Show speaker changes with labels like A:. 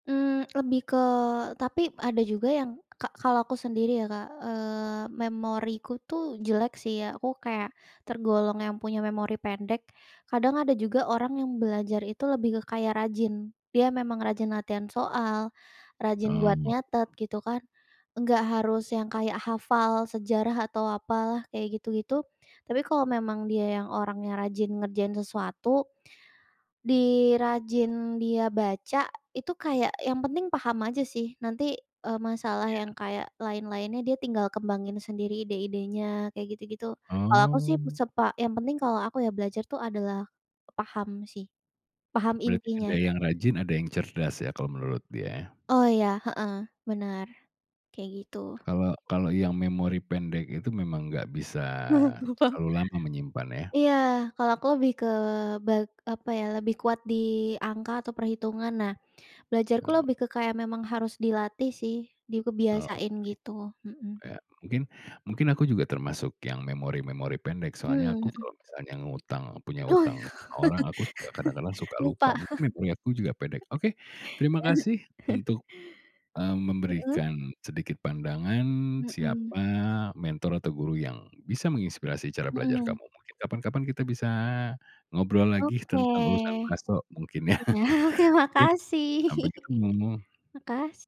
A: Mmm, lebih ke tapi ada juga yang ka kalau aku sendiri ya, Kak, eee, memoriku tuh jelek sih ya, aku kayak tergolong yang punya memori pendek. Kadang ada juga orang yang belajar itu lebih ke kayak rajin, dia memang rajin latihan soal, rajin buat
B: Amo
A: nyatet gitu kan. Enggak harus yang kayak hafal sejarah atau apalah kayak gitu-gitu. Tapi kalau memang dia yang orangnya rajin ngerjain sesuatu, di rajin dia baca itu kayak yang penting paham aja sih nanti, eee, masalah yang
B: Iya.
A: kayak lain-lainnya dia tinggal kembangin sendiri ide-idenya kayak gitu-gitu. Kalau aku sih itu
B: Oh.
A: sepa yang penting kalau aku ya belajar tuh adalah paham sih, paham
B: Berarti ada
A: intinya.
B: yang rajin, ada yang cerdas ya kalau menurut dia?
A: Oh, iya heeh, benar kayak gitu.
B: Kalau kalau yang memori pendek itu memang enggak bisa
A: Kenapa?
B: terlalu lama menyimpan ya?
A: Iya, kalau aku lebih ke bat apa ya? Lebih kuat di angka atau perhitungan. Nah, belajarku
B: Oh.
A: lebih ke kayak memang harus dilatih sih, di
B: Oke.
A: kebiasain gitu, mhm.
B: Iya, mungkin mungkin aku juga termasuk yang memori-memori pendek. Soalnya
A: Mmm,
B: aku
A: mhm
B: kalau misalnya ngutang, punya hutang ke orang, aku suka kadang-kadang suka lupa.
A: Lupa.
B: Mungkin memori aku juga pendek. Oke, terima kasih untuk, mmm,
A: Mhm.
B: memberikan sedikit pandangan
A: Mhm.
B: siapa mentor atau guru yang bisa menginspirasi cara belajar kamu.
A: Mhm.
B: Mungkin kapan-kapan kita bisa ngobrol lagi
A: Oke,
B: tentang urusan bakso mungkin ya.
A: iya, oke,
B: Iya,
A: makasih.
B: sampai ketemu.
A: Makasih.